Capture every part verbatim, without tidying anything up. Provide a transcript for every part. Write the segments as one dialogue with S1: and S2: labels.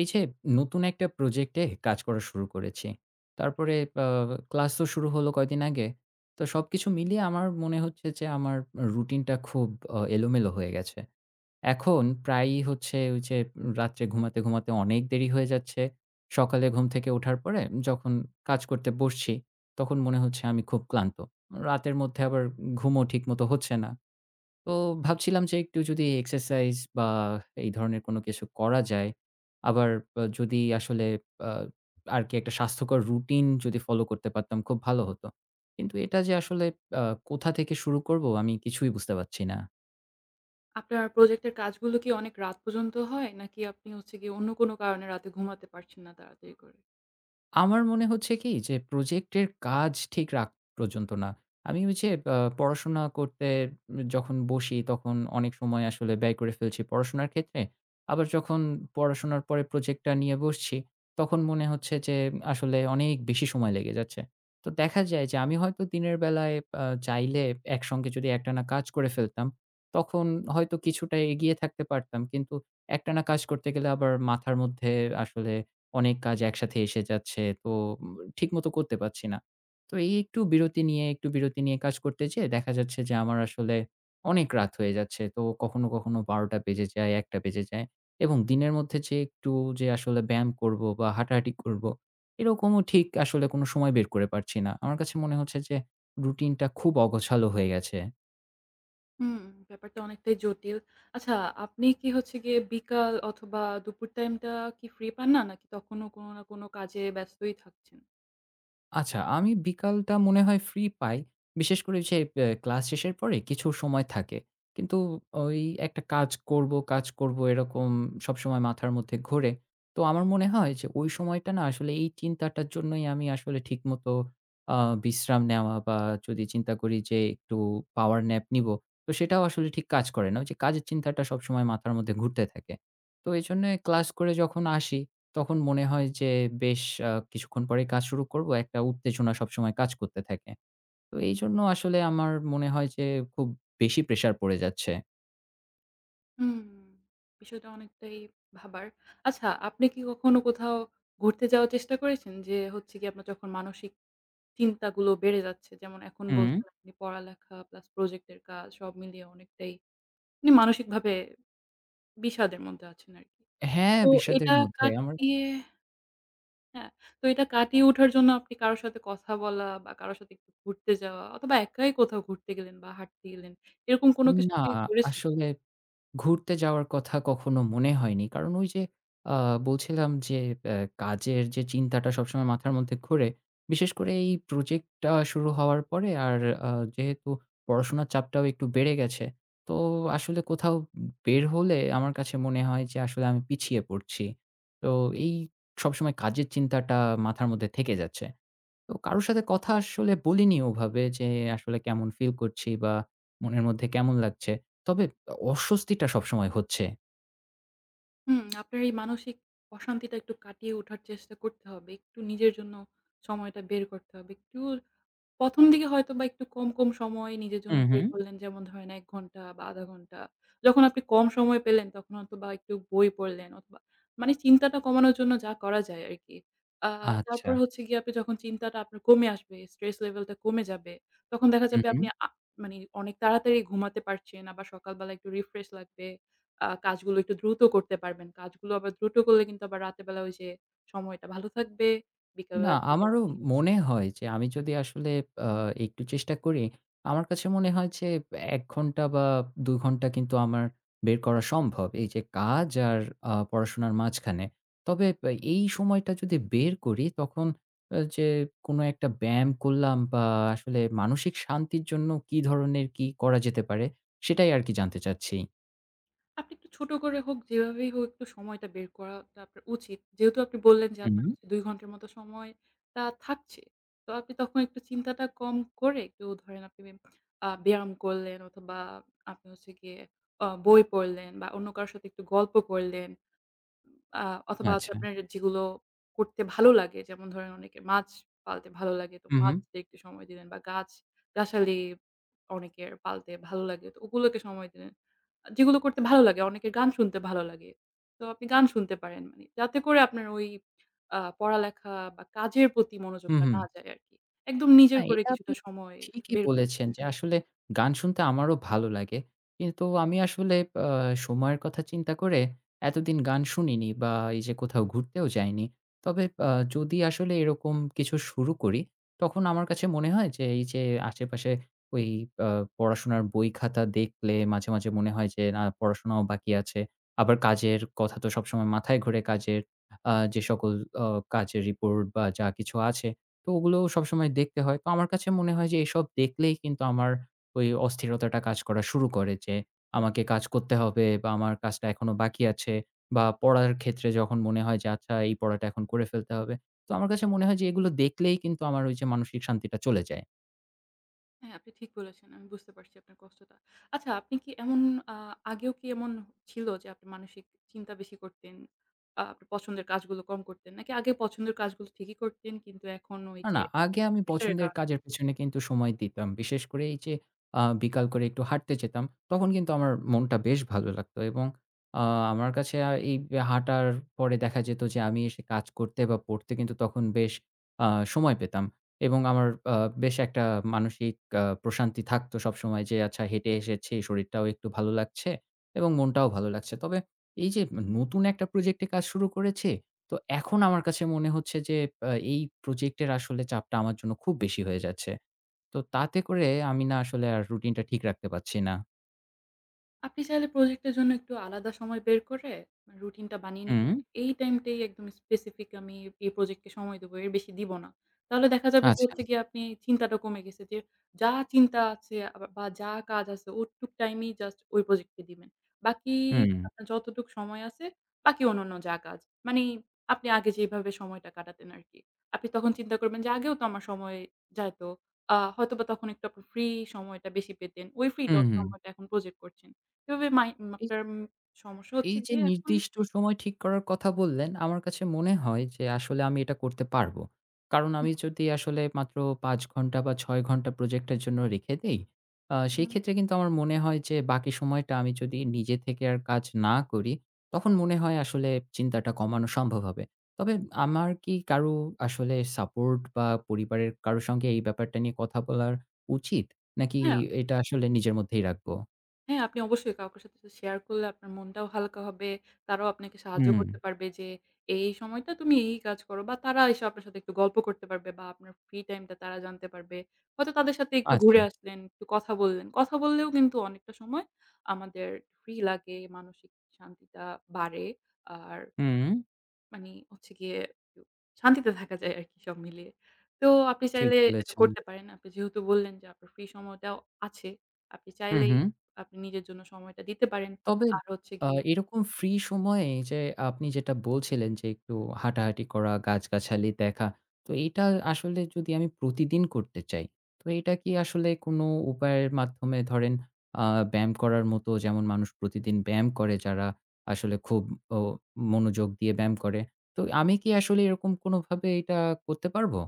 S1: এই যে নতুন একটা প্রজেক্টে কাজ করা শুরু করেছি। তারপরে পা ক্লাসও শুরু হলো কয়দিন আগে। তো সবকিছু মিলিয়ে আমার মনে হচ্ছে যে আমার আ routine টা খুব আ এলোমেলো হয়ে গেছে। এখন প্রায়ই হচ্ছে ওই উ যে রাত্রে ঘুমাতে, ঘুমাতে অনেক দেরি হয়ে যাচ্ছে। সকালে ঘুম থেকে ওঠার পরে যখন কাজ করতে বসছি, তখন মনে হচ্ছে আমি খুব ক্লান্ত। রাতের মধ্যে আবার ঘুমও ঠিকমতো হচ্ছে না। তো ভাবছিলাম যে একটু যদি exercise বা এই ধরনের কোনো কিছু করা যায়। আবার পা যদি আসলে আ আরকি একটা স্বাস্থ্যকর routine যদি follow করতে পারতাম খুব ভালো হতো। কিন্তু এটা যে আসলে আ কোথা থেকে শুরু করব আমি কিছুই বুঝতে পারছি না।
S2: আপনার প্রজেক্টের কাজগুলো কি অনেক রাত পর্যন্ত হয়? নাকি আপনি হচ্ছে গিয়ে অন্য কোনো কারণে রাতে ঘুমাতে পারছেন না তাড়াতাড়ি করে?
S1: আমার মনে হচ্ছে কি, যে প্রজেক্টের কাজ ঠিক রাক পর্যন্ত না। আমি ওই যে আ পড়াশোনা করতে উম যখন বসি তখন অনেক সময় আসলে ব্যয় করে ফেলছি পড়াশোনার ক্ষেত্রে। আবার যখন পড়াশোনার পরে প্রজেক্টটা নিয়ে বসছি, তখন মনে হচ্ছে যে আসলে অনেক বেশি সময় লেগে যাচ্ছে। তো দেখা যায় যে আমি হয়তো দিনের বেলায় আ চাইলে একসঙ্গে যদি একটানা কাজ করে ফেলতাম, তখন হয়তো কিছুটা এগিয়ে থাকতে পারতাম। কিন্তু একটানা কাজ করতে গেলে আবার মাথার মধ্যে আসলে অনেক কাজ একসাথে এসে যাচ্ছে। তো উম ঠিকমতো করতে পারছি না। তো এই একটু বিরতি নিয়ে, একটু বিরতি নিয়ে কাজ করতে যেয়ে দেখা যাচ্ছে যে আমার আসলে অনেক রাত হয়ে যাচ্ছে। তো কখনো, কখনো বারোটা বেজে যায়, একটা বেজে যায়। এবং দিনের মধ্যে যে একটু যে আসলে ব্যায়াম করব বা হাঁটাহাটি করব, এরকমও ঠিক আসলে কোনো সময় বের করে পারছি না। আমার কাছে মনে হচ্ছে যে routine টা খুব অগোছালো হয়ে গেছে।
S2: হুম, ব্যাপারটা অনেকটাই জটিল। আচ্ছা, আপনি কি হচ্ছে গিয়ে বিকাল অথবা দুপুর টাইমটা কি free পান না নাকি তখনও কোন না কোন কাজে ব্যস্তই থাকছেন?
S1: আচ্ছা আমি বিকালটা মনে হয় free পাই। বিশেষ করে যে বে ক্লাস শেষের পরে কিছু সময় থাকে। কিন্তু ওই একটা কাজ করব, কাজ করব এরকম সবসময় মাথার মধ্যে ঘোরে। তো আমার মনে হয় যে ওই সময়টা না আসলে এই চিন্তাটার জন্যই আমি আসলে ঠিকমতো আ বিশ্রাম নেওয়া বা যদি চিন্তা করি যে একটু power nap নিব তো সেটাও আসলে ঠিক কাজ করে না। ওই যে কাজের চিন্তাটা সবসময় মাথার মধ্যে ঘুরতে থাকে। তো এজন্যই ক্লাস করে যখন আসি, তখন মনে হয় যে, বেশ কিছুক্ষণ পরেই কাজ শুরু করব। একটা উত্তেজনা সবসময় কাজ করতে থাকে। তো এইজন্য আসলে আমার মনে হয় যে, খুব বেশি pressure পড়ে যাচ্ছে।
S2: হুম, বিষয়টা অনেকটাই ভাবার। আচ্ছা, আপনি কি কখনো কোথাও ঘুরতে যাওয়ার চেষ্টা করেছেন? যে হচ্ছে গিয়ে আপনার যখন মানসিক চিন্তাগুলো বেড়ে যাচ্ছে, যেমন এখন
S1: হুম।
S2: বলছেন আপনি পড়ালেখা প্লাস প্রজেক্টের কাজ সব মিলিয়ে অনেকটাই আপনি মানসিকভাবে বিষাদের মধ্যে আছেন আরকি।
S1: হ্যাঁ,
S2: তো
S1: বিষাদের
S2: এটা
S1: মধ্যে আমার
S2: কাটিয়ে হ্যা, তো এটা কাটিয়ে ওঠার জন্য আপনি কারো সাথে কথা বলা বা কারো সাথে একটু ঘুরতে যাওয়া অথবা একাই কোথাও ঘুরতে গেলেন বা হাঁটতে গেলেন, এরকম কোন কিছু
S1: না
S2: কি করেছেন?
S1: আসলে ঘুরতে যাওয়ার কথা কখনো মনে হয়নি। কারণ ওই যে, আ বলছিলাম যে ব্য কাজের যে চিন্তাটা সবসময় মাথার মধ্যে ঘোরে। বিশেষ করে এই project টা শুরু হওয়ার পরে আর আ যেহেতু পড়াশোনার চাপটাও একটু বেড়ে গেছে। তো আসলে কোথাও বের হলে আমার কাছে মনে হয় যে আসলে আমি পিছিয়ে পড়ছি। তো এই সবসময় কাজের চিন্তাটা মাথার মধ্যে থেকে যাচ্ছে। তো কারো সাথে কথা আসলে বলিনি ওভাবে যে, আসলে কেমন feel করছি বা মনের মধ্যে কেমন লাগছে। তবে অস্বস্তিটা সবসময় হচ্ছে।
S2: হুম, আপনার এই মানসিক অশান্তিতা একটু কাটিয়ে ওঠার চেষ্টা করতে হবে। একটু নিজের জন্য সময়টা বের করতে হবে। একটু প্রথম দিকে হয়তোবা একটু কম, কম সময় নিজের
S1: উ
S2: জন্য বের
S1: হু।
S2: করলেন। যেমন ধরেন এক ঘণ্টা বা আধা ঘণ্টা। যখন আপনি কম সময় পেলেন তখন হয়তোবা একটু বই পড়লেন অথবা মানে চিন্তাটা কমানোর জন্য যা করা যায় আরকি। আ তারপর
S1: আচ্ছা।
S2: হচ্ছে গিয়ে আপনি যখন চিন্তাটা আপনার কমে আসবে, stress level টা কমে যাবে, তখন দেখা
S1: উ
S2: যাবে
S1: হু।
S2: আপনি আ মানে অনেক তাড়াতাড়ি ঘুমাতে পারছেন আবার সকালবেলা একটু refresh লাগবে, আ কাজগুলো একটু দ্রুত করতে পারবেন। কাজগুলো আবার দ্রুত করলে কিন্তু আবার রাতের বেলা ঐ যে সময়টা ভালো থাকবে।
S1: না
S2: বিকালবেলা থেকে
S1: আমারও
S2: আপনি হচ্ছে
S1: মনে হয় যে, আমি যদি আসলে আ একটু চেষ্টা করি আমার কাছে মনে হয় যে এক ঘন্টা বা দু ঘন্টা কিন্তু আমার বের করা সম্ভব এই যে কাজ আর আ পড়াশোনার মাঝখানে। তবে এ এই সময়টা যদি বের করি, তখন এ যে কোন একটা বেম করলাম বা আসলে মানসিক শান্তির জন্য কি ধরনের কি করা যেতে পারে সেটাই আর কি জানতে চাচ্ছি।
S2: আপনি একটু ছোট করে হোক, যেভাবেই হোক একটু সময়টা বের করাটা আপনার উচিত। যেহেতু আপনি বললেন যে আপনার
S1: হুম।
S2: হচ্ছে দুই ঘণ্টার মতো সময়টা থাকছে। তো, আপনি তখন একটু চিন্তাটা কম করে একটু ধরেন আপনি আ ব্যায়াম করলেন অথবা আপনি হচ্ছে গিয়ে আ বই পড়লেন বা অন্য কারো সাথে একটু গল্প করলেন আ অথবা হচ্ছে
S1: আচ্ছা।
S2: আপনার যেগুলো করতে ভালো লাগে, যেমন ধরেন অনেকের মাছ পালতে ভালো লাগে, তো
S1: হু, হু।
S2: মাছদের সময় দিলেন বা গাছ-গাছালি অনেকের পালতে ভালো লাগে তো ওগুলোকে সময় দিলেন। আ যেগুলো করতে ভালো লাগে। অনেকের গান শুনতে ভালো লাগে, তো আপনি গান শুনতে পারেন, যাতে করে আপনার ওই আ পড়ালেখা বা কাজের প্রতি
S1: হু,
S2: মনোযোগটা
S1: হুম।
S2: না যায় আরকি। একদম
S1: না
S2: নিজের করে
S1: এটা আপনি
S2: কিছুটা সময়
S1: ঠিকই
S2: বের করে
S1: বলেছেন
S2: নিলেন।
S1: যে আসলে গান শুনতে আমারও ভালো লাগে। কিন্তু আমি আসলে এ সময়ের কথা চিন্তা করে এতদিন গান শুনিনি বা এই যে কোথাও ঘুরতেও যাইনি। তবে আ যদি আসলে এরকম কিছু শুরু করি তখন আমার কাছে মনে হয় যে, এই যে আশেপাশে ঐ আ পড়াশোনার বই-খাতা দেখলে মাঝে, মাঝে মনে হয় যে, না পড়াশোনাও বাকি আছে। আবার কাজের কথা তো সবসময় মাথায় ঘোরে। কাজের আ যেসকল আ কাজের report বা যা কিছু আছে তো ওগুলো সবসময় দেখতে হয়। তো আমার কাছে মনে হয় যে এসব দেখলেই কিন্তু আমার ওই অস্থিরতাটা কাজ করা শুরু করে যে, আমাকে কাজ করতে হবে বা আমার কাজটা এখনও বাকি আছে। বা পড়ার ক্ষেত্রে যখন মনে হয় যে আচ্ছা এই পড়াটা এখন করে ফেলতে হবে। তো আমার কাছে মনে হয় যে এগুলো দেখলেই কিন্তু আমার ওই যে মানসিক শান্তিটা চলে যায়।
S2: হ্যাঁ, আপনি ঠিক বলেছেন। আমি বুঝতে পারছি আপনার কষ্টটা। আচ্ছা, আপনি কি এমন আ আগেও কি এমন ছিল যে আপনি মানসিক চিন্তা বেশি করতেন? আ আপনার পছন্দের কাজগুলো কম করতেন, নাকি আগে পছন্দের কাজগুলো ঠিকই করতেন কিন্তু এখন ওই
S1: না,
S2: যে
S1: না আগে আমি
S2: pressure এর
S1: পছন্দের
S2: কারণে
S1: কাজের পিছনে কিন্তু সময় দিতাম। বিশেষ করে এই যে আ বিকাল করে একটু হাঁটতে যেতাম, তখন কিন্তু আমার মনটা বেশ ভালো লাগতো এবং আ আমার কাছে অ্যা এই হাঁটার পরে দেখা যেত যে আমি এসে কাজ করতে বা পড়তে কিন্তু তখন বেশ আ সময় পেতাম এবং আমার আ বেশ একটা মানসিক আ প্রশান্তি থাকতো সব সময় যে, "আচ্ছা হেঁটে এসেছি শরীরটাও একটু ভালো লাগছে এবং মনটাও ভালো লাগছে।" তবে এই যে ন্য নতুন একটা প্রজেক্টে কাজ শুরু করেছি, তো এখন আমার কাছে মনে হচ্ছে যে এব এই প্রজেক্টের আসলে চাপটা আমার জন্য খুব বেশি হয়ে যাচ্ছে। তো তাতে করে আমি না আসলে আর রুটিনটা ঠিক রাখতে পারছি না।
S2: আপনি চাইলে প্রজেক্টের জন্য একটু আলাদা সময় বের করে মানে routine -টা বানিয়ে নিতে [unintelligible]
S1: হুম।
S2: এই টাইমটাই "একদম specific আমি এই প্রজেক্টকে সময় দিবো, এর বেশি দিবো না।" তাহলে দেখা যাবে যে হচ্ছে
S1: আচ্ছা।
S2: গিয়ে আপনি চিন্তাটাও কমে গেছে যে, যা চিন্তা আছে আ বা যা কাজ আছে ওটুক টাইমেই just ওই প্রজেক্টকে দিবেন। বাকিই
S1: হুম।
S2: আপনার যতটুক সময় আছে, বাকি অন্যান্য যা কাজ, মানি আপনি আগে যেভাবে সময়টা কাটাতেন আরকি। আপনি তখন চিন্তা করবেন যে আগেও তো আমার সময় যাইতো। আ হয়তোবা তখন একটু আপনি free সময়টা বেশি পেতেন। ওই free টা
S1: উম হু।
S2: সময়টা এখন প্রজেক্ট করছেন। এভাবে mind [unintelligible] সমস্যা
S1: এই
S2: হচ্ছে
S1: যে
S2: গিয়ে এখন
S1: নির্দিষ্ট সময় ঠিক করার কথা বললেন, আমার কাছে মনে হয় যে আসলে আমি এটা করতে পারবো। কারণ
S2: হু।
S1: আমি যদি আসলে মাত্র পাঁচ ঘণ্টা বা ছয় ঘণ্টা প্রজেক্টের জন্য রেখে দেই আ সেই
S2: হুম।
S1: ক্ষেত্রে কিন্তু আমার মনে হয় যে বাকি সময়টা আমি যদি নিজে থেকে আর কাজ না করি, তখন মনে হয় আসলে চিন্তাটা কমানো সম্ভব হবে। তবে আমার কি কারো আসলে support বা পরিবারের কারো সঙ্গে এই ব্যাপারটা নিয়ে কথা বলার উচিত? নাকি
S2: হ্যাঁ।
S1: এটা আসলে নিজের মধ্যেই রাখবো?
S2: হ্যাঁ, আপনি অবশ্যই কাওকে সাথে তো share করলে আপনার মনটাও হালকা হবে, তারাও আপনাকে সাহায্য
S1: হুম।
S2: করতে পারবে। যে এই, এই সময়টা তুমি এই, এই কাজ করো। বা তারা এসে আপনার সাথে একটু গল্প করতে পারবে বা আপনার free time টা তারা জানতে পারবে। হয়তো তাদের সাথে একটু ঘুরে
S1: আচ্ছা।
S2: আসলেন, একটু কথা বললেন। কথা বললেও কিন্তু অনেকটা সময় আমাদের free লাগে, মানসিক শান্তিটা বাড়ে। আর
S1: হুম।
S2: মানি হচ্ছে গিয়ে উ শান্তিতে থাকা যায় আরকি সব মিলিয়ে। তো আপনি
S1: ঠিক
S2: চাইলে এটা
S1: বলেছেন।
S2: করতে পারেন। আপনি যেহেতু বললেন যে আপনার free সময়টাও আছে, আপনি
S1: হু,
S2: চাইলেই
S1: হু।
S2: আপনি নিজের জন্য সময়টা দিতে পারেন।
S1: তবে
S2: আর হচ্ছে
S1: আ
S2: গিয়ে
S1: এইরকম free সময়ে এই যে আপনি যেটা বলছিলেন যে একটু হাঁটাহাঁটি করা, গাছগাছালি দেখা। তো এইটা আসলে যদি আমি প্রতিদিন করতে চাই, তো এটা কি আসলে কোনো উপায়ের মাধ্যমে ধরেন আ ব্যায়াম করার মতো যেমন মানুষ প্রতিদিন ব্যায়াম করে যারা আসলে খুব ও মনোযোগ দিয়ে ব্যায়াম করে। তো আমি কি আসলে এরকম কোনোভাবে এটা করতে পারবো?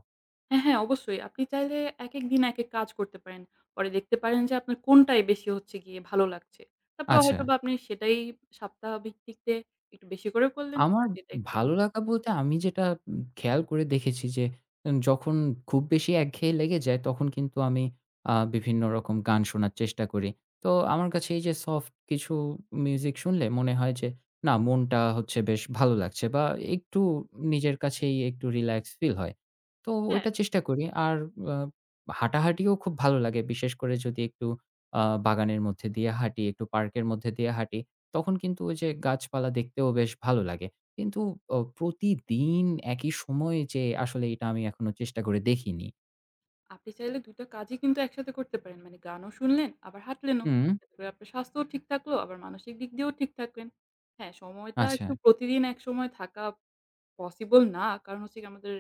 S2: হ্যাঁ, হ্যাঁ। অবশ্যই। আপনি চাইলে একেকদিন একেক কাজ করতে পারেন। পরে দেখতে পারেন যে আপনার কোনটাই বেশি হচ্ছে গিয়ে ভালো লাগছে। তারপরে
S1: আচ্ছা।
S2: হয়তোবা আপনি সেটাই সাপ্তাহ ভিক্তিতে একটু বেশি করে করলেন।
S1: আমার
S2: আর যেটা একটু
S1: ভালো লাগা
S2: [unintelligible]
S1: বলতে, আমি যেটা উম খেয়াল করে দেখেছি যে উম যখন খুব বেশি একঘেয়ে লেগে যায়, তখন কিন্তু আমি আ বিভিন্ন রকম গান শোনার চেষ্টা করি। তো আমার কাছে এই যে soft কিছু music শুনলে মনে হয় যে না, মনটা হচ্ছে বেশ ভালো লাগছে বা একটু নিজের কাছেই একটু relax feel হয়। তো
S2: হ্যাঁ।
S1: ওইটা চেষ্টা করি। আর অ হাঁটাহাঁটিও খুব ভালো লাগে। বিশেষ করে যদি একটু আ বাগানের মধ্যে দিয়ে হাঁটি, একটু park এর মধ্যে দিয়ে হাঁটি। তখন কিন্তু ওই যে গাছপালা দেখতেও বেশ ভালো লাগে। কিন্তু অ প্রতিদিন একই সময়ে যে আসলে এইটা আমি এখনো চেষ্টা করে দেখিনি।
S2: আপনি চাইলে দুইটা কাজই কিন্তু একসাথে করতে পারেন। মানে গানও শুনলেন আবার হাঁটলেনও।
S1: হুম।
S2: তাহলে আপনার স্বাস্থ্যও ঠিক থাকলো আবার মানসিক দিক দিয়েও ঠিক থাকবেন। হ্যাঁ, সময়টা একটু
S1: আচ্ছা।
S2: প্রতিদিন একসময় থাকা possible না। কারণ হচ্ছে গিয়ে আমাদের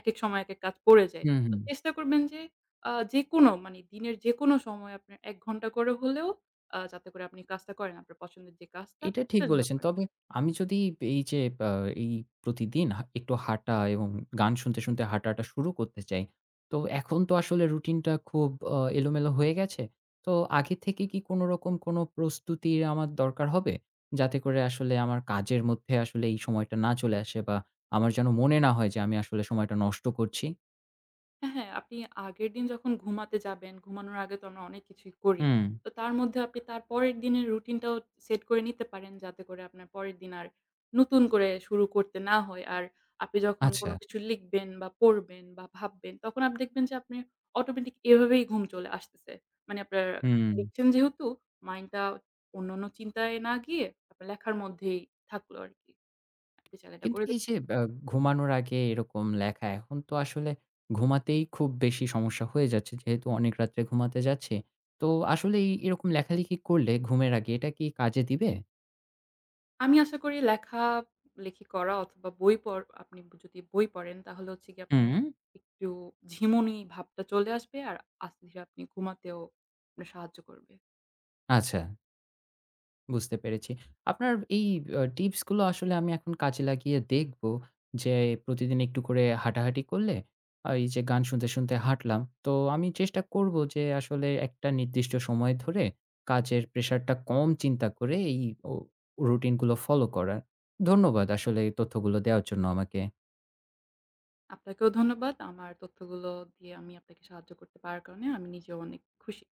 S2: একেক সময় একেক কাজ পড়ে যায়।
S1: হুম, হু।
S2: তো চেষ্টা করবেন যে অ্যা যেকোনো মানে দিনের যেকোনো সময় আপনার এক ঘণ্টা করে হলেও অ্যা যাতে করে আপনি কাজটা করেন, আপনার পছন্দের যে কাজটা
S1: এটা ঠিক
S2: সেটা যেন
S1: বলেছেন।
S2: করেন।
S1: তবে আমি যদি এই যে আব এই প্রতিদিন হা একটু হাঁটা এবং গান শুনতে, শুনতে হাঁটাটা শুরু করতে চাই। তো এখন তো আসলে routine টা খুব অ্যা এলোমেলো হয়ে গেছে। তো আগে থেকে কি কোনো রকম কোনো প্রস্তুতির আমার দরকার হবে? যাতে করে আসলে আমার কাজের মধ্যে আসলে এই সময়টা না চলে আসে বা আমার যেন মনে না হয় যে আমি আসলে সময়টা নষ্ট করছি।
S2: হ্যাঁ, হ্যাঁ। আপনি আগের দিন যখন ঘুমাতে যাবেন, ঘুমানোর আগে তো আমরা অনেক কিছুই করি।
S1: হুম।
S2: তো তার মধ্যে আপনি তার পরের দিনের routine টাও set করে নিতে পারেন যাতে করে আপনার পরের দিন আর নতুন করে শুরু করতে না হয়। আর আপনি যখন কোনো
S1: আচ্ছা।
S2: কিছু লিখবেন বা পড়বেন বা ভাববেন তখন আপনি দেখবেন যে আপনি automatic এভাবেই ঘুম চলে আসতেছে। মানে আপনার
S1: হুম।
S2: লিখছেন যেহেতু mind টা অন্যান্য চিন্তায় না গিয়ে আপনার লেখার মধ্যেই থাকলো আরকি। আপনি চাইলে এটা
S1: কিন্তু
S2: করে দে
S1: এই যে অ্যা ঘুমানোর আগে এরকম লেখা এখন তো আসলে ঘুমাতেই খুব বেশি সমস্যা হয়ে যাচ্ছে। যেহেতু অনেক রাত্রে ঘুমাতে যাচ্ছি। তো আসলে এরকম লেখালেখি করলে ঘুমের আগে এটা কি কাজে দিবে?
S2: আমি আশা করি লেখা লেখি করা অথবা বই পড় আপনি যদি বই পড়েন তাহলে হচ্ছে গিয়ে আপনার
S1: হুম।
S2: একটু ঝিমুনি ভাবটা চলে আসবে। আর আস্তে ধীরে আপনি ঘুমাতেও আপনার সাহায্য করবে।
S1: আচ্ছা। বুঝতে পেরেছি। আপনার এই অ্যা tips গুলো আসলে আমি এখন কাজে লাগিয়ে দেখবো। যে প্রতিদিন একটু করে হাঁটাহাঁটি করলে, আ এই যে গান শুনতে, শুনতে হাঁটলাম। তো আমি চেষ্টা করব যে আসলে একটা নির্দিষ্ট সময় ধরে কাজের pressure টা কম চিন্তা করে এই অ routine গুলো follow করার। ধন্যবাদ আসলে এই তথ্যগুলো দেওয়ার জন্য আমাকে।
S2: আপনাকেও ধন্যবাদ। আমার তথ্যগুলো দিয়ে আমি আপনাকে সাহায্য করতে পারার কারণে। আমি নিজেও অনেক খুশি।